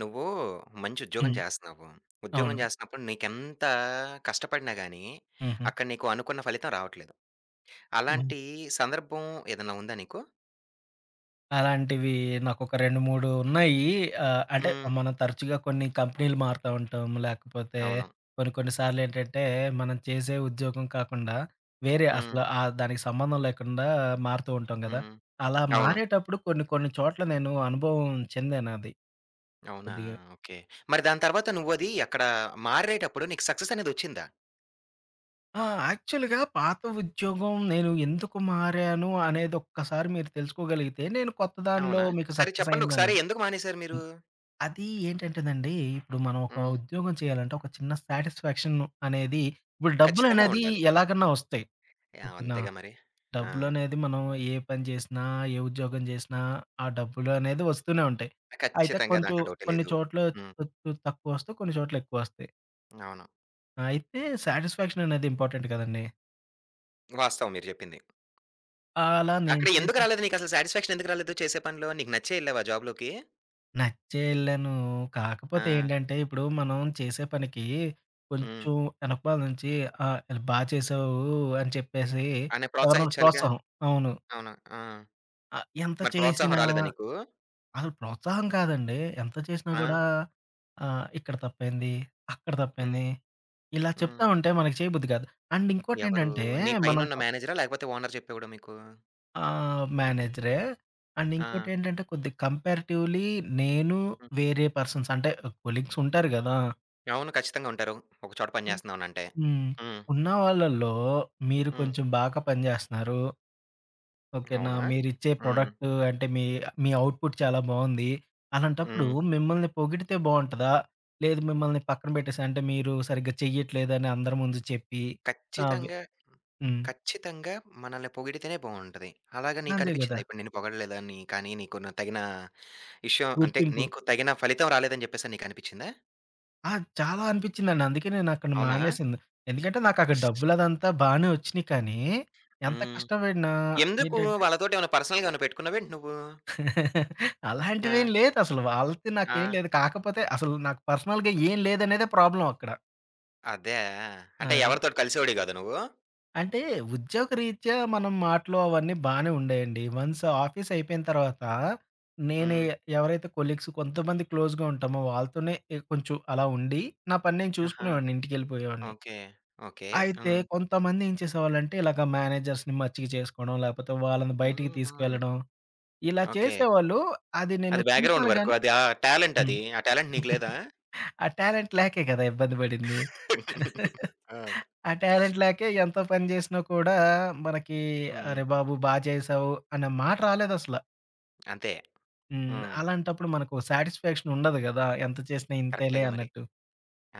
నువ్వూ మంచి ఉద్యోగం హ్మ్. జేస్తన్నావు. ఉద్యోగం అవును. జేస్తున్నప్పుడు నీకెంతా కష్టపడినా గానీ, హుహు. అక్కడ నీకు అనుకున్న ఫలితం రావట్లేదు. హ్మ్. అలాంటి సందర్భం ఏదన్నా ఉందా నీకు? అలాంటివీ నాకొక 2, 3 ఉన్నాయి. ఆహ్, అంటే, హ్మ్. మనం తరచుగా కొన్ని కంపినీలు మారతా ఉంటాం, లేకపోతే అవును. కొన్ని, కొన్ని సార్లేంటంటే, మనం చేసే ఉద్యోగం కాకుండా, వేరే అసల హ్మ్. ఆహ్, దానికి సంబంధం లేకుండా మారుతూ ఉంటాం గదా! హ్మ్. అలా అవును. మారేటప్పుడు కొన్ని, కొన్ని చోట్ల నేను అనుభవం చెందానది. అవునా! కొద్దిగా. ఓకే. మరి దాని తర్వాత నువ్వదీ అక్కడా మారేటప్పుడు నీకు సక్సెసనేదొచ్చిందా? ఆ! యాక్చువల్‌గా పాత ఉద్యోగం నేను ఎందుకు మారాను అనేదొక్కసారి మీరు తెలుసుకోగలిగితే, నేను కొత్త దానిలో అవునా? మీకు సరే చెప్పండొకసారి సక్సెసయిందనేది. ఎందుకు మానేసారు మీరు? హ్మ్. అదీ ఏంటంటేనండీ, ఇప్పుడు మనం ఒక హ్మ్. ఉద్యోగం చెయ్యాలంటే, ఒక చిన్న సాటిస్ఫాక్షన్ను అనేది ఇప్పుడు ఖచ్చితంగా డబ్బులనేదీ ఉండాలి. ఎలాగన్నా ఒస్తాయి. యాహ్! ఓకే నా? అంతేగా మరి. ఆ! డబ్బులనేది మనం ఏ పని జేసినా, ఏ ఉద్యోగం జేసినా ఆ డబ్బులు అనేది ఒస్తూనే ఉంటాయి. అయితే ఖచ్చితంగా కొంచుం దాంట్లో డౌటే కొన్ని లేదు. చోట్ల హ్మ్. కొంచుం తక్కువొస్తయి, కొన్ని చోట్లెక్కువొస్తయి. అవును. అయితే సాటిస్ఫాక్షననేది ఇంపార్టెంట్ కదండీ. వాస్తవం మీరు చెప్పింది. ఆహ్, అలా నేను అక్కడ ఎందుకు చేసిన రాలేదు నీకు అసలు సాటిస్ఫాక్షన్ ఎందుకు రాలేదు చేసే పనులో నీకు నచ్చే వెళ్ళావా జాబ్‌లోకి? నచ్చే ఎళ్ళను. కాకపోతే ఆ! ఏంటంటే, ఇప్పుడు మనం చేసే పనికి హ్మ్. కొంచెం వెనకమాల నుంచి ఆహ్, బా చేసావు అని చెప్పేసి అని ఎవరినైనా ప్రోత్సహించాలిగా. ప్రోత్సాహం. అవును. అవునా, ఆ! ఆహ్, ఎంత మరి ప్రోత్సాహం చేసినా రాలేదా నీకు? అసలు ప్రోత్సాహం కాదండి ఎంత చేసినా ఆ! కూడా ఆహ్, ఇక్కడ తప్పైంది, అక్కడ హ్మ్. తప్పేంది ఇలా చెప్తా హ్మ్. ఉంటే మనకు చేయబుద్ధి కాదు. అండ్ ఎవరు ఇంకోటేంటంటే నీ మనం పైనున్న త మేనేజరా? లేకపోతే ఓనర్ చెప్పేవాడ మీకు? ఆహ్, మేనేజరే అండ్ ఇంకోటి ఆ! ఏంటంటే, కొద్దిగా కంపారేటివ్‌లీ నేను హ్మ్. వేరే పర్సన్స్ అంటే కొలీగ్స్ ఉంటారు గదా. అవును ఖచ్చితంగా ఉంటారు. ఒక చోట ఓహ్, పనిచేస్తున్నాం అని అంటే. హ్మ్. హ్మ్. ఉన్నవాళ్లలో మీరు హ్మ్. కొంచెం బాగా పనిచేస్తున్నారు. ఓకెనా! అవునా. మీరిచ్చే హ్మ్. ప్రొడక్ట్ అంటే మీ, మీ అవుట్‌పుట్ చాలా బావుంది, అలాంటప్పుడు హ్మ్. మిమ్మల్ని పొగిడితే బావుంటదా? లేదు మిమ్మల్ని పక్కన పెట్టేసి, అంటే మీరు సరిగ్గా చెయ్యట్లేదని అందరి ముందు చెప్పి, ఆహ్, వి ఖచ్చితంగా, హ్మ్. ఖచ్చితంగా మనల్ని పొగిడితేనే బావుంటది. అలాగా నీకు అంతే గదా! అనిపించిందా ఇప్పుడు నిన్ను పొగడలేదా అని కానీ నీకు తగిన విషయం అంటే, గుర్తింపు. నీకు తగిన ఫలితం రాలేదని చెప్పేసి నీకు అనిపిచిందా? ఆ! చాలా అనిపించిందండి. అందుకే నేను అక్కడ అవునా? మానేసింది. ఎందుకంటే, నాకు అక్కడ డబ్బులదంతా బానే వచ్చినియి కానీ, ఎంత హ్మ్. కష్టపడినా ఎందుకు ఏంటంటే వాళ్ళతోటేమన్నా పర్సనల్‌గా ఏమన్నా పెట్టుకున్నావేంటి నువ్వు? అలాంటివి ఆ! ఏమి లేదసలు. వాళ్ళకి నాకు ఏమి ఆ! లేదు. కాకపోతే, అసలు నాకు పర్సనల్‌గా ఏం లేదనేదే ప్రాబ్లమ్ అక్కడ. అదా! అంటే, అదే. ఎవరితోటి కలిసేవాడివి కాదా! నువ్వు? అంటే, ఉద్యోగరీత్యా మనం మాటలు అవన్నీ బానే ఉండేయండి. వన్స్ ఆఫీస్ అయిపోయిన తర్వాత, నేనే హ్మ్. ఎవరైతే కొలీగ్స్ కొంతమంది క్లోజ్‌గా ఉంటామో, వాళ్ళతోనే ఎ కొంచెం అలా ఉండి, నా పని నేను ఆహా! చూసుకునేవాడిని ఇంటికెళ్ళిపోయేవాడిని. ఓకే. ఓకే. అయితే, హ్మ్. కొంతమంది ఏం చేసేవాళ్ళంటే ఇలాగా మేనేజర్స్‌ని మచ్చిక చేసుకోవడం, లేకపోతే వాళ్ళని హుహు. బయటికి తీసుకెళ్లడం, ఇలా ఓకే. చేసేవాళ్ళు అది నేను అది బ్యాక్‌గ్రౌండ్ చూసాను వర్కు గాని అది. ఆ టాలెంట్ హ్మ్. అది. ఆ టాలెంట్ నీకు లేదా? ఆ టాలెంట్ లేకే కదా ఇబ్బంది పడింది. ఆ! ఆ టాలెంట్ లేక ఎంత పని చేసినా కూడా, మనకి హ్మ్. అరె! బాబు బా చేసావు అనేమాట రాలేదసల. అంతే. హ్మ్. హ్మ్. అలాంటప్పుడు మనకు ఓ సాటిస్‌‌ఫాక్షన్ ఉండదు గదా. ఎంత చేసినా ఇంతేలే కరెక్టే‌‌గా మరి. అన్నట్టు.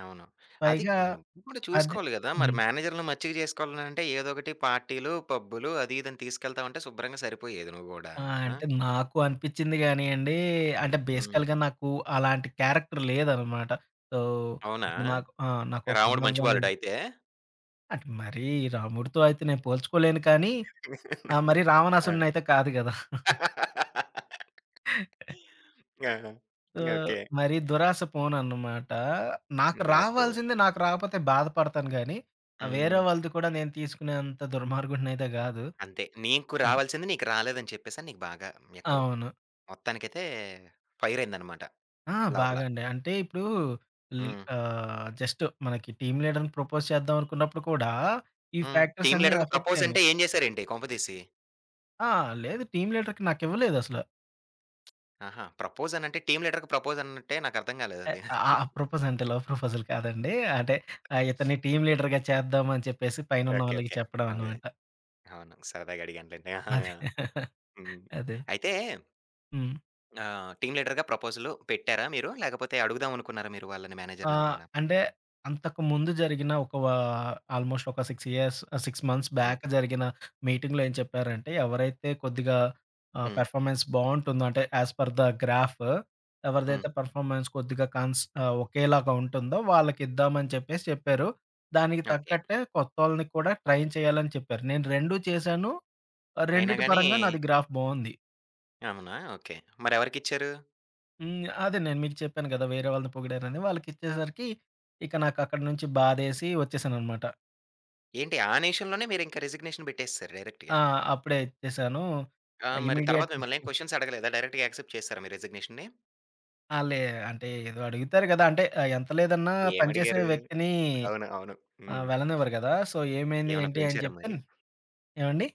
అవును. అది పైగా నువ్వు కూడా అది చూసుకోవాలి గదా! మరి హ్మ్. మేనేజర్లను మచ్చిక చేసుకోవాలంటే ఏదో ఒకటి పార్టీ‌లు, పబ్బులు అది, ఇది అని తీసుకెళ్తావుంటే శుభ్రంగా సరిపోయేది నువ్వు గూడా. ఆ! ఆ! అంటే, నాకు అనిపించింది గానియండి. అంటే, హ్మ్. బేసికల్‌గా నాకు అలాంటి క్యారెక్టర్ లేదన్నమాట. సో, అవునా? ఇప్పుడు నాకు, ఆహ్, నాకు పని రాముడు మంచి బాలుడా అవ్వాలండి అయితే? అంటే, మరీ రాముడితో అయితే నేను పోల్చుకోలేను కానీ, ఆహ్, మరి ఆ! రావణాసురుడిని అయితే కాదు గదా. ఆ! ఆ! ఓకే. మరి దురాశ పోనన్నమాట. నాకు ఇంద రాచిపోవు. రావాల్సింది నాకు రాకపోతే బాధపడతాను గానీ, ఆహ్, వేరే హ్మ్. వాళ్ళది కూడా నేను తీసుకునే అంత దుర్మార్గుడనైయితే గాదు. అంతే. నీకు హ్మ్. రావాల్సింది నీకు రాలేదని చెప్పేసని, నీకు బాగా ఎక్కడో అవును. మొత్తానికైతే ఫైరయిందన్నమాట ఆ! లోపల. బాగా అండి. అంటే, ఇప్పుడు ల్ హ్మ్. ఆహ్, జస్ట్ మనకి టీమ్ లీడర్‌ని ప్రపోజ్ చేద్దాం అనుకున్నప్పుడు కూడా, ఈ హ్మ్. టీమ్ ఫ్యాక్టర్సన్నీ లీడర్‌గా ప్రపోజ్ ఎఫెక్టయినియి. అంటే, ఏం చేసారేంటి కొంప తీసి? ఆ! లేదు టీమ్ లీడర్‌కి నాకివ్వలేదు అసల. ఆహా! ప్రపోజ్ అనంటే టీమ్ లీడర్‌గా ప్రపోజ్ అన్నట్టే నాకు అర్థం ఎ కాలేదది. ఆ! ఆ! ప్రపోజ్ అంటే, లవ్ ప్రపోజల్ కాదండి. అంటే ఆ! ఇతన్ని టీమ్ లీడర్‌‌గా చేద్దాం అని చెప్పేసి పైనున్న ఓకే, వాళ్ళకి ఓకే. చెప్పడం అదే. అన్నమాట. అవును. సరదాగా అడిగాను లెండి. ఆహా! అదే. హ్మ్. అదే. అయితే... హ్మ్. ఆహ్, టీమ్ లీడర్‌గా ప్రపోజలు పెట్టారా మీరు? లేకపోతే అడుగుదాం అనుకున్నారా మీరు వాళ్ళని ఆ! మేనేజర్‌ని ఎవరన్నా? అంటే, అంతకు ముందు జరిగిన ఒక వా ఆల్మోస్ట్ ఒక 6 ఇయర్స్ ఆహ్, 6 మంత్స్ హ్మ్. బ్యాక్ జరిగిన మీటింగ్‌లో ఏం చెప్పారంటే, "ఎవరైతే కొద్దిగా ఆహ్, హ్మ్. పర్‌ఫోర్మెన్స్ బావుంటుందో, అంటే ఏస్ పర్ ద గ్రాఫ్ ఎవరిదైతే హ్మ్. పర్‌ఫోర్మెన్స్ కొద్దిగా కన్స్ ఒకేలాగా ఉంటుందో, వాళ్ళకిద్దామని" అని చెప్పేసి చెప్పారు. దానికి ఓకే. తగ్గట్టే కొత్తవొళ్ళని కూడా ట్రైన్ చేయాలని చెప్పారు. నేను 2 చేశాను. ఆహ్, అయినా రెండిటి గాని పరంగా నాది గ్రాఫ్ బావుంది. అవునా! ఓకే. మరి ఎవరికిచ్చారు? హ్మ్. అదే నేను మీకు చెప్పాను కదా, వేరే వాళ్ళది పొగిడారని వాళ్ళకిచ్చేసరికి ఇక నాకు అక్కడి నుంచి బాధేసి వచ్చేసానన్నమాట. ఏంటి ఆ నిమిషం‌లోనే మీరు ఇంకా రిసిగ్నేషన్ పెట్టేసేసారు ఆ! డైరెక్ట్‌గా. అప్పుడే ఇచ్చేసాను ఆ! ఆహ్, మరి ఇమ్మీడియేట్ తరువాత మిమ్మల్ని ఏం కొషన్స్ అడగలేదా? డైరెక్ట్‌గా యాక్సెప్ట్ చేసారా మీ రిసిగ్నేషన్‌ని? ఆ! లే అంటే ఏదో అడుగుతారు గదా! అంటే ఆహ్, ఎంత లేదన్నా పని చేసే ఏమడిగారు? వ్యక్తిని అవును. అవును. ఆహ్, హ్మ్. వెళ్ళనివ్వరు గదా! సో, ఏమైంది, ఏమన్నా ఏంటి అని పెంచారా చెప్తే మరి? ఏవండీ?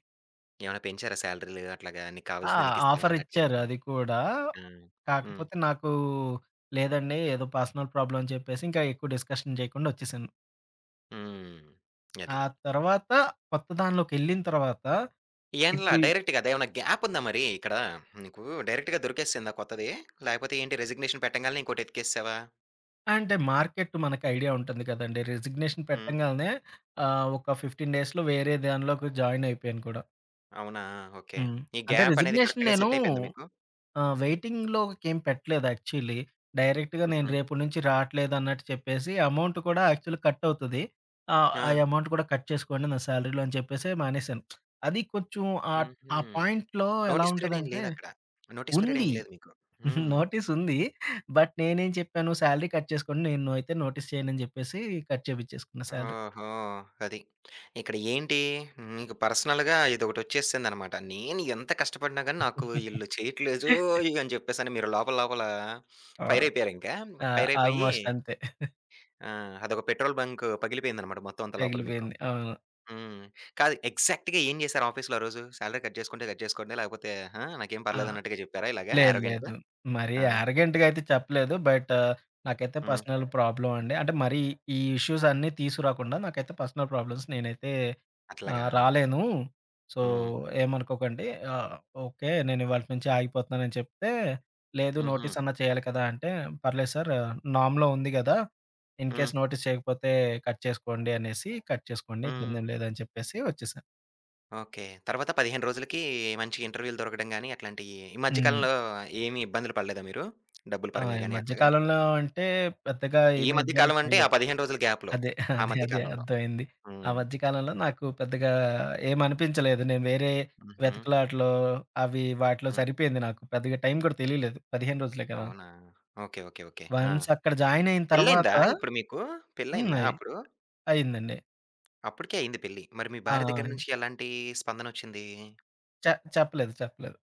ఏమన్నా పెంచారా? సాలరీ‌లు అట్లాగా నీకు ఆ! కావాల్సింది నీకు ఇస్తాం అన్నట్లు ఆఫరిచ్చారు ఎంతైనా. అది కూడా. హ్మ్. హ్మ్. కాకపోతే నాకు, లేదండి ఏదో పర్సనల్ ప్రాబ్లమని చెప్పేసి, ఇంకా ఎక్కువ డిస్‌కషన్ చేయకుండా వచ్చేసాను. హ్మ్. అది. ఆ తర్వాత కొత్త దానిలోకెళ్ళిన తర్వాత ఏండ్ల ఇప్పుడు ఇ డైరెక్ట్‌గా అదే ఏమన్నా గ్యాపుందా మరి? ఇక్కడ నీకు డైరెక్ట్‌గా దొరికేసిందా కొత్తది? లాకపోతే, ఏంటి రిసిగ్నేషన్ పెట్టంగాల్నే ఇంకోటి ఎతికేసేసావా? అంటే, మార్కెట్ మనకు ఐడియా ఉంటుంది కదండీ! రిజిగ్నేషన్ హ్మ్. పెట్టంగానే ఆహ్, ఒక 15 డేస్‌లో వేరే దానిలోకి జాయినయిపోయాను కూడా. అవునా. ఓకే. హ్మ్. ఈ అంటే గ్యాపనేది రిజిగ్నేషన్ కరెక్ట్‌గా నేను సెట్ అయిపోయిందా మీకు? ఆహ్, వెయిటింగ్ లోకేమి పెట్టలేదు యాక్చువల్లీ. డైరెక్ట్‌గా నేను హుహు. రేపటి నుంచి రాట్లేదు అన్నట్టు చెప్పేసి, అమౌంట్ కూడా యాక్చువల్లీ కట్ అవుతది. ఆహ్, ఆ ఆ! అమౌంట్ కూడా కట్ చేసుకోండి నా సాలరీ‌లో అని చెప్పేసి మానేసాను. అది కొంచెం ఆట్ హుహు. ఆ పాయింట్‌లో ఎలా నోటీస్ పీరియడ్ ఏం ఉంటదంటే లేదు అక్కడ? నోటీస్ పీరియడ్ ఉంది. ఏం లేదు మీకు. హ్మ్. నోటీస్సుంది. బట్, నేనేం చెప్పాను సాలరీ కట్ చేసుకోండి, నేను అయితే నోటీస్ చేయను అని చెప్పేసి కట్ చేపించేసుకున్న సాలరీ. ఓహో! అది. ఇక్కడ ఏంటి మీకు పర్సనల్‌గా ఇదొకటొచ్చేసిందనమాట. నేను ఎంత కష్టపడిన గాని, నాకు ఈళ్ళు చెయ్యట్లేదోయ్ అని చెప్పేసి అని మీరు లోపల, లోపల ఆ! ఫైరైయిపోయారు ఇంకా. ఆ! ఫైరైయిపోయి ఆల్మోస్ట్ అంతే. ఆ! అదొక పెట్రోల్ బంక్ పగిలిపోయిందనమాట మొత్తం అంతా లోపల మీకు. పగిలిపోయింది. అవును. హ్మ్. కాదు ఎగ్జాక్ట్‌గా ఏం చేసారు ఆఫీస్‌లో ఆరోజు? సాలరీ కట్ చేసుకుంటే, కట్ చేసుకోండి. లేకపోతే, ఆ! నాకేం ఆ! పర్లేదు అన్నట్టుగా చెప్పారా ఇలాగ, లేదు, యారగెంట్‌గా? లేదు. మరి ఆ! యారగెంట్‌గా అయితే చెప్పలేదు. బట్, నాకైతే హ్మ్. పర్సనల్ ప్రాబ్లమ్ అండి. అంటే, మరి ఈ ఇష్యూసన్నీ తీసుకురాకుండా, నాకైతే పర్సనల్ ప్రాబ్లమ్స్ నేనైతే అట్లాగా! ఆహ్, రాలేను సో, హ్మ్. ఏమనుకోకండి. ఆహ్, ఓకే, నేను ఇవాల్టి నుంచి ఆగిపోతున్నానని చెప్తే, లేదు హుహు. నోటీస్ అన్నా చేయాలి కదా అంటే, పర్లేదు సారు నామ్‌లో ఉంది కదా! హ్మ్. ఇన్‌కెస్ నోటీస్ చేయకపోతే, కట్ చేసుకోండి అనేసి. కట్ చేసుకోండి హ్మ్. హ్మ్. ఇబ్బందేం లేదని చెప్పేసి వచ్చేసాను. ఓకే. తర్వాత 15 రోజులకీ మంచి ఇంటర్వ్యూ‌‌లు దొరకడం గానీ, అట్లాంటియ్యీ ఈ మధ్య హ్మ్. కాలంలో ఏమి ఇబ్బందులు పడలేదా మీరు? డబ్బులు ఆ! పరంగా ఈ గానీ, మధ్య అట్లాగా. కాలంలో అంటే, పెద్దగా ఈ ఏమీ మధ్య ఇబ్బంది కాలవంటే, ఆ పడలేదు. 15 రోజుల గ్యాప్‌లో, అదే. ఆ అదే. మధ్య అదే. కాలంలో. అర్థమయింది. ఆ హ్మ్. మధ్య కాలంలో నాకు పెద్దగా ఏమనిపించలేదు. నేను వేరే హుహు. వెతుకులాటలో అవీ వాటిలో హ్మ్. సరిపోయింది నాకు, పెద్దగా టైం కూడా తెలీలేదు. 15 రోజులే కదా! అవునా! ఓకే. ఓకే. ఓకే. ఆ! వన్స్ అక్కడ జాయినయిన తర్వాత పెళ్లయిందా ఇప్పుడు మీకూ? హ్మ్. పెళ్లయిందా అయి అప్పుడు? అయిందండి. అప్పుడికే అయింది పెళ్లి. మరి మీ ఆ! భార్య దెగ్గర అయి నుంచి ఎలాంటీ స్పందనొచ్చిందీ? చ చెప్పలేదు, చెప్పలేదు.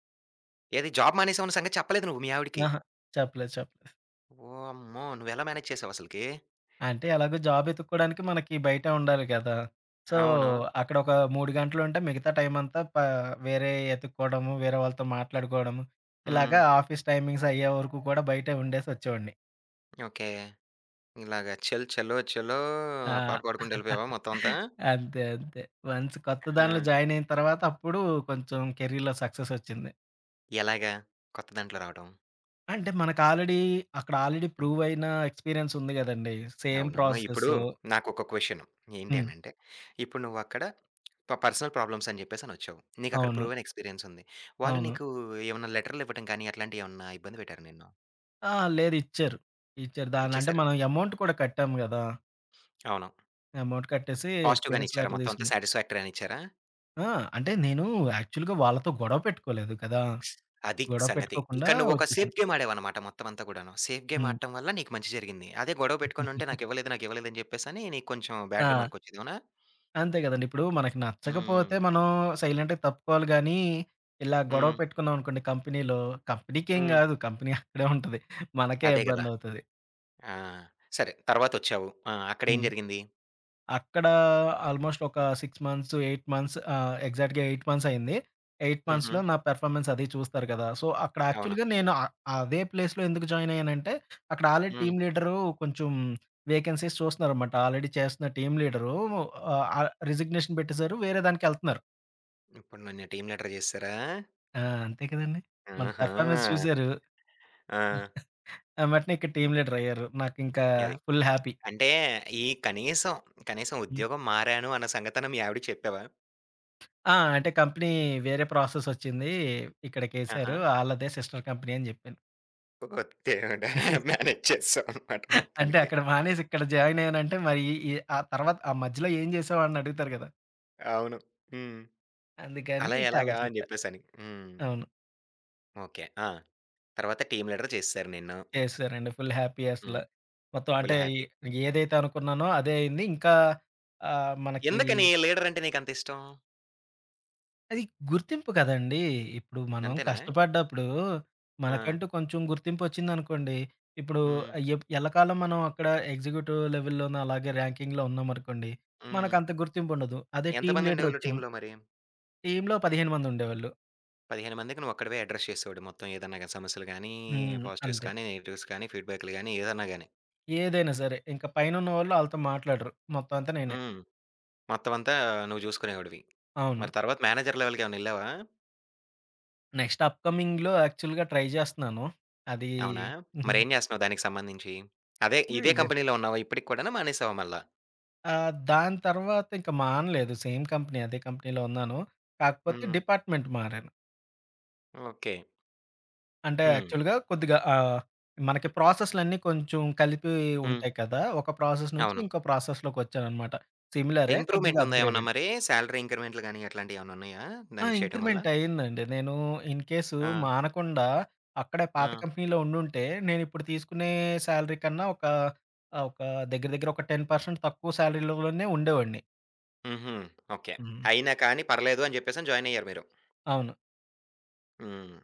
ఏది జాబ్ మానేసావన్న సంగతి చెప్పలేదు నువ్వు, మీ ఆవిడికి. ఆహా! చెప్పలేదు, చెప్ వామ్మో! నువ్వెలా మ్యానేజ్ చేసావసలకీ? అంటే, ఎలాగో జాబెతుక్కోడానికి మనకీ బయటే ఉండాలి గదా! సో, అవును. అక్కడొక 3 గంటలుంటే, మిగతా టైమంతా పా వేరేయి యెతుక్కోడము, వేరే వాళ్ళతో మాట్లాడుకోడము, ఇలాగ హ్మ్. ఆఫీస్ టైమింగ్సయ్యేవరకు కూడా బయటే ఉండేసొచ్చేవోడిని. ఓకే. ఇలాగ చల్ చలో చలో ఆ! ఆ పాట పాడుకుంటూ యెళ్ళిపోయావా మొత్తమంతా? అంతే. అంతే. వన్స్ కొత్త దానిలో హా! జాయినయిన తర్వాత, అప్పుడూ కొంచెం కెరీర్‌‌లో సక్ససొచ్చింది. ఎలాగా కొత్త దాంట్లో రావటం? అంటే, మనకి ఆల్రెడీ అక్కడాల్రెడీ హ్మ్. ప్రువ్వయినా ఎక్స్‌పీరియన్సుంది గదండీ. సేమ్ అవునా! ఇప్పుడు ప్రాసెసు. నాకొక క్వెషను. ఏంటి హ్మ్. అనంటే, ఇప్పుడు నువ్వక్కడ ప పర్సనల్ ప్రాబ్లమ్సని చెప్పేసనొచ్చావు. నీకక్కడ అవును. ప్రూవెనెక్స్‌పీరియన్సుంది. వాళ్ళు అవును. నీకూ ఏవన్నా లెటర్‌లివ్వటం కానీ, అట్లాంటియేవన్నా ఇబ్బంది పెట్టారా నిన్ను? అహా! లేదు, ఇచ్చారు. ఇచ్చారు దానిలో. అంటే, ఇచ్చేశారు. మనం ఎమౌంట్ కూడా కట్టాం గదా! అవును. ఎమౌంట్ కట్టేసీ, పాజిటివ్‌గానే ఎక్స్‌పీరియన్స్ ఇచ్చారా లెటర్ మొత్తవంతా? దీసుకున్నా. శాటిస్ఫాక్టరీ అనిచ్చారా? ఆ! అంటే నేనూ యాక్చువల్‌గా వాళ్ళతో గొడవ పెట్టుకోలేదు కదా! అది గొడవ సంగతి. పెట్టుకోకుండా ఇక్కడ నువ్వొక ఒచ్చేశాను. సేఫ్ గేమ్ ఆడాడవనమాట మొత్తమంతా గూడాను. సేఫ్ హ్మ్ గేమాడటం వల్ల నీకు మంచి జరిగింది. అదే గొడవ బెట్టుకోనుంటే నాకివ్వలేదు, నాకివ్వలేదని జెప్పేసనీ, నీకు కొంచుం బ్యాడ్ ఆ! రిమార్కొచ్చేది, అవునా? అంతే గదండి. ఇప్పుడూ మనకి నచ్చకపోతే హ్మ్. మనం సైలెంట్‌గా తప్పుకోవాలి గానీ, ఇలా గొడవ హ్మ్. పెట్టుకున్నావనుకోండి కంపెనీలో, కంపెనీకేం హ్మ్. గాదు, కంపెనీ అక్కడే ఉంటది, మనకే అదే గదా! ఇబ్బందవుతది. ఆ! సరే. తరవాతొచ్చావు. ఆ! అక్కడేం హ్మ్. జరిగింది? అక్కడా ఆల్మోస్టొకా 6 మంత్స్, 8 మంత్స్ ఆహ్, ఎగ్జాక్ట్‌గా 8 మంత్సయింది. 8 మంత్స్‌లో హుహు. నా పెర్ఫార్మన్సది చూస్తారు గదా! సో, అక్కడ అవునా! యాక్చువల్‌గా నేను అ అదే ప్లేస్‌లో ఎందుకు జాయినయ్యానంటే, అక్కడాల్రెడీ హ్మ్. టీమ్ లీడరూ కొంచుం వేకెన్సీస్ చూస్తన్నారమాట. ఆల్రెడీ చేస్తన్న టీమ్ లీడరూ ఆహ్, ఆహ్, రిజిగ్నేషన్ పెట్టేశారు, వేరే దానికెళ్తున్నారు. ఇప్పుడు నన్ను టీమ్ లీడర్ చేసారా? ఆ! అంతే కదండీ. మన పెర్ఫార్మన్స్ ఆహా! చూసారు. ఆ! ఎమ్మటనే ఇక హ్మ్. టీమ్ లీడరయ్యారు. నాకింకా అది. Full happy. అంటే, ఈ కనీసం, కనీసం హ్మ్. ఉద్యోగం మారాను అన్న సంగతన మీ ఆవిడకి చెప్పావా? ఆ! అంటే, కంపెనీ వేరే ప్రాసెసొచ్చింది ఇక్కడకేసారు. ఆహా! ఆళ్ళదే సిస్టర్ కంపెనీ అని చెప్పాను. ఓరి దేవుడా! మేనేజ్ చేసాం అన్నమాట అంటే మొత్తానికి. అక్కడ మానేసి, ఇక్కడ జాయినయ్యాను అంటే మరి, ఈ ఆ తరువాత ఆ మధ్యలో ఏం చేసావు అని అడుగుతారు గదా. అవును. హ్మ్. అందుకని అలా ఇక అలా ఎలాగా అని చెప్పా. చెప్పేసి అని. హ్మ్. అవును. ఓకె. ఆ! తరువాత టీమ్ లీడర్ చేసేసారు నిన్ను. చేసారండి ఫుల్ హ్యాపీ అసల. హ్మ్. మొత్తం ఫుల్ అంటే, హ్యాపీ. ఏదైతే అనుకున్నానో అదే అయింది ఇంకా ఆహ్, మనకి ఎందుకని లీడరంటే నీకంత ఇష్టం? అది గుర్తింపు కదండీ. ఇప్పుడు మనం అంతేనా? కష్టపడ్డప్పుడు ఆ! మనకంటూ కొంచెం గుర్తింపు వచ్చిందనుకోండి, ఇప్పుడు హ్మ్. ఆహ్, ఎప్ ఎల్లకాలం మనం అక్కడ ఎగ్జిక్యూటివ్ లెవెల్‌లోనో అలాగే ర్యాంకింగ్‌లో ఉన్నామనుకోండి. హ్మ్. మనకంత గుర్తింపు ఉండదు. అదే ఎంత టీమ్ మంది ఉండేవాళ్ళు లీడరొచ్చాం టీమ్‌లో మరి? టీమ్‌లో 15 మంది ఉండేవోళ్ళు. 15 మందికి నువ్వు ఒక్కడివే అడ్రెస్ చేసేవాడివి. మొత్తం ఏదన్నా గాని సమస్యలు గాని, హ్మ్. పాజిటివ్స్ అంతే. గాని, నెగెటివ్స్ గాని ఫీడ్‌బ్యాక్లు గాని ఏదన్నా గాని. ఏదైనా సరే. ఇంకా పైనున్నవోళ్ళు ఆళ్ళతో మాట్లాడరు. మొత్తం అంతా నేనే. హ్మ్. మొత్తం అంతా నువ్వు చూసుకునేవాడివి. అవును. మరి తరువాత మేనేజర్ లెవెల్‌కి ఏమన్నా ఎళ్ళావా? నెక్స్ట్ అప్‌కమింగ్‌లో యాక్చువల్‌గా ట్రై చేస్తన్నాను. అది అవునా! మరి ఎం చేస్తున్నావు దానికి సంబంధించి? అదే ఇదే ఇదే. కంపెనీ‌లో ఉన్నావా ఇప్పటికి కూడాను మానేసావా మళ్ళా? ఆహ్, దాని తర్వాత ఇంక మానలేదు సేమ్ కంపెనీ, అదే కంపెనీ‌లో ఉన్నాను. కాకపోతే హ్మ్. డిపార్ట్‌మెంట్ మారాను. ఓకే. అంటే, హ్మ్. యాక్చువల్‌గా కొద్దిగా ఆహ్, మనకి ప్రాసెస్ లన్నీ కొంచెం కలిపి హ్మ్. ఉంటాయి కదా, ఒక ప్రాసెస్ నుంచి, అవును. ఇంకో ప్రాసెస్‌లోకొచ్చానన్నమాట. సిమిలరే. ఇంప్రూవ్‌మెంట్ కొద్దిగా అప్‌ ఉందా ఏమన్నా గ్రేడెడ్. మరి? సాలరీ ఇంక్రిమెంట్లు గాని, అట్లాంటివి ఏమన్నా ఉన్నాయా? ఆ! దానికి చేయటం వల్ల. ఇంక్రిమెంట్ అయిందండి. నేను ఇన్‌కేసు ఆ! మానకుండా అక్కడే పాత ఆ! కంపెనీలో ఉండుంటే, నేనిప్పుడు తీసుకునే సాలరీ కన్నా ఒక, ఆహ్, ఒక దెగ్గర, దెగ్గర ఒక 10% తక్కువ సాలరీ లోనే ఉండేవాడిని. హుహు. ఓకే. హ్మ్. అయినా కానీ పర్లేదు అని చెప్పేసని జాయినయ్యారు మీరు. అవును. హ్మ్.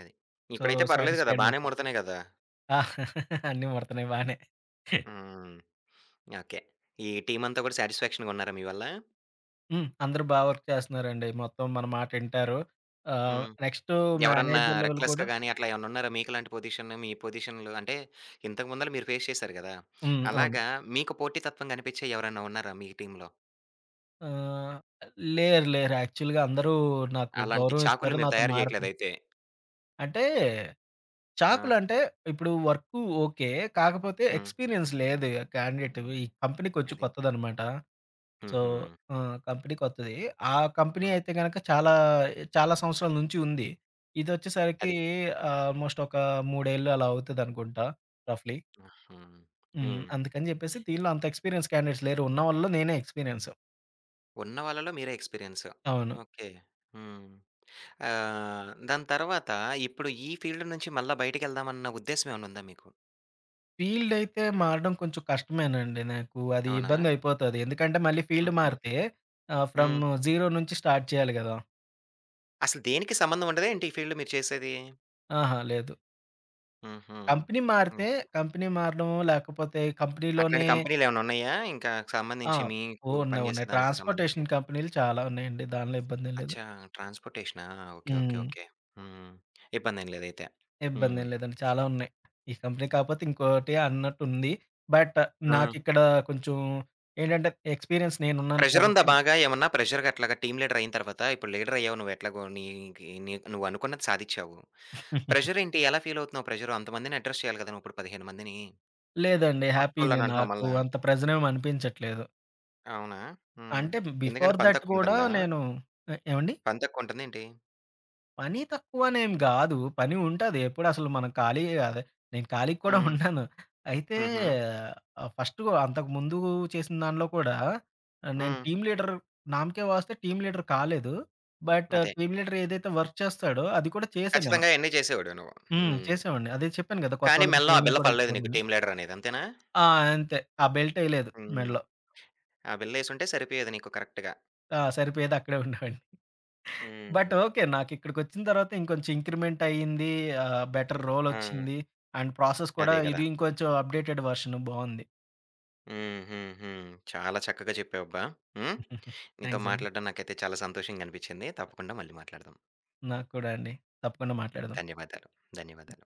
అది. సో, ఇప్పుడైతే పర్వాలేదు గదా సాటిస్ఫైడ్ బానే మొత్తం. ముడుతున్నాయి గదా! ఆ! అన్నీ ముడుతున్నాయి బానే. హుహు. ఓకె. ఈ టీమంతా కూడా సాటిస్ఫాక్షన్‌ గున్నారా మీవల్ల? హ్మ్. అందరూ బా వర్క్ చేస్తున్నారండి. మొత్తం మన మాట ఇంటారు ఆహ్, హ్మ్. నెక్స్టు ఎవరన్నా మేనేజర్ లెవెల్ కూడ రెక్లెస్‌గా గాని, అట్లా ఏమనన్నున్నారా? మీకు లాంటి పొజిషను మీ పొజిషన్‌లో అంటే ఇంతకు ముందులా మీరు ఫేస్ చేసారు కదా! హ్మ్. అవును. అలాగా మీకు పోటీతత్వం గనిపించే ఎవరైనా ఉన్నారా మీ టీమ్‌లో? ఆహ్, లేరు, లేరు యాక్చువల్‌గా అందరూ నాకు అలాంటి గౌరవం ఇస్తారు చాకుల్ని మీరు నాతో తయారు మారుతు చేయట్లేదైతే. అంటే, ఆ! చాకులంటే ఇప్పుడు వర్కు, ఓకె. కాకపోతే హ్మ్. ఎక్స్‌పీరియన్స్ లేదే ఆ క్యాండిడేటు, ఈ కంపెనీకి కొంచం అది. కొత్తదనమాట. సో హుహు. ఆ! కంపెనీ కొత్తది, ఆ కంపెనీ హ్మ్. అయితే గనక చాలా ఎ చాలా సంవత్సరాల నుంచి ఉంది. ఇదొచ్చేసరికి అది. ఆల్మోస్ట్ ఒక 3 ఏళ్లు అలా అవుతదనుకుంటా రఫ్‌లీ. హుహు. హ్మ్. హ్మ్. అందుకని చెప్పేసి దీంట్లో అంత ఎక్స్పీరియన్స్ క్యాండిడేట్స్ లేరు, ఉన్న వాళ్ళలో నేనే ఎక్స్‌పీరియన్స్. ఉన్నవాళ్లలో మీరే ఎక్స్పీరియన్స్. అవును. ఓకె. హ్మ్. ఆహ్, దాని తరువాత ఇప్పుడు ఈ ఫీల్డ్ నుంచి మల్ల బయటికెళ్దాం అన్న ఉద్దేశం ఏమన్న ఉందా మీకు? ఫీల్డయితే మారడం కొంచుం కష్టమేనండి. నాకు అది అవునా! ఇబ్బందయిపోతాది. ఎందుకంటే, మళ్ళీ ఫీల్డ్ హుహు. మారితే ఆహ్, ఫ్రమ్ హ్మ్. జీరో నుంచి స్టార్ట్ చెయ్యాలి గదా! అసల దేనికి సంబంధవుండదా ఏంటి, ఈ ఫీల్డ్‌ మీరు చేసేదీ? ఆహా! లేదు. హుహు. కంపినీ హ్మ్. మారితే కంపినీ మారడమో, లేకపోతే అట్లాంటి కంపినీలోనే కంపెనీలేవన్నున్నాయా, ఇంకా ఆ! సంబంధించి మీకు ఉన్నాయి, పని చేసే ఉన్నాయి. దానికి సంబంధించి? ట్రాన్స్‌పోర్టేషన్ కంపెనీలు చాలా ఉన్నాయండి, దానిలో ఇబ్బందేం లేదు. అచ్చా! ట్రాన్స్‌పోర్టేషనా? ఓకే. ఓకే. హ్మ్. ఓకే. హ్మ్. ఇబ్బందేం లేదైతే. హ్మ్. ఇబ్బందేం లేదండి, చాలా ఉన్నాయి. ఈ కంపినీ కాపోతే ఇంకోటి అన్నట్టుంది, బట్ ఆ! నాకిక్కడా కొంచుం ఏంటంటే, ఎక్స్‌పీరియన్స్ నేనున్నాను ప్రెజరుందా కాబట్టి బాగా ఏమన్నా, ప్రెజరుగట్లాగా టీమ్ లీడరయిన తర్వాతా? ఇప్పుడు లీడరయ్యావు నువ్వు ఎట్లాగో, నీదీ నీక్ నువ్వనుకున్నది సాధిచ్చావు. ప్రెజరేంటి, ఎలా ఫీలవుతున్నావు ప్రెజరు అంతమందిని అడ్రెస్ చెయ్యాలి గదా నువ్విప్పుడు 15 మందినీ? లేదండి. హ్యాపీనే కొత్తోళ్ళనంటన్నావు నాకు. మళ్ళా. అంత ప్రెజరేమనిపించట్లేదు. అవునా! హ్మ్. అంటే, ఎందుకని బిఫోర్ పని దట్ గూడా తక్కువుంటందా? నేనూ ఆహ్, ఏవండీ? పని తక్కువుంటందేంటి? పనీ తక్కువనేం గాదు, పని ఉంటది. ఎప్పుడసలు మనం ఖాళీయే గాదె. నేను ఖాళీగ కూడా హ్మ్. ఉండను. అయితే, హుహు. ఆహ్, ఫస్టు అంతకముందూ చేసిన దానిలో కూడా ఆహ్, నేను హ్మ్. టీమ్ లీడర్, నామ్ కే వాస్తే టీమ్ లీడర్ కాలేదు, బట్ అదే. టీమ్ లీడరేదైతే వర్క్ చేస్తాడో, అది కూడా చేశా నేను. ఖచ్చితంగా అయన్నీ చేసేవోడివి నువ్వు. హ్మ్. హ్మ్. చేశావోడిని. అదే చెప్పాను గదా కానీ, కొత్తోళ్ళకి మెడలో ఆ ట్రైనింగ్ బిల్ల కూడా పడలేదు నీకు ఇచ్చామని. టీమ్ లీడరనేది. అంతేనా? ఆ! అంతే. ఆ బెల్టెయ్యలేదు హ్మ్. మెడలో. ఆ బిల్లేసుంటే సరిపోయేది నీకు కరక్ట్‌గా. ఆ! సరిపోయేది. అక్కడే ఉండేవాడిని. బట్, హ్మ్. ఓకే. నాకిక్కడకొచ్చిన తర్వాత ఇంకొంచెం ఇంక్రిమెంటయింది, ఆహ్, బెటర్ ఆ! రోలొచ్చింది, అండ్ ప్రాసెస్ కూడా అదే గదా! ఇది ఇంకొంచెం అప్‌డేటెడ్ వెర్షన్ బావుంది. హ్మ్. హ్మ్. హ్మ్. చాలా చక్కగా చెప్పావు అబ్బా! హ్మ్. నీతో థాంక్సండి. మాట్లాడడం నాకైతే చాలా సంతోషంగనిపిచ్చింది. తప్పకుండా మళ్ళీ మాట్లాడదాం. నాకు కూడా అండి. తప్పకుండా మాట్లాడదాం. ధన్యవాదాలు. ధన్యవాదాలు.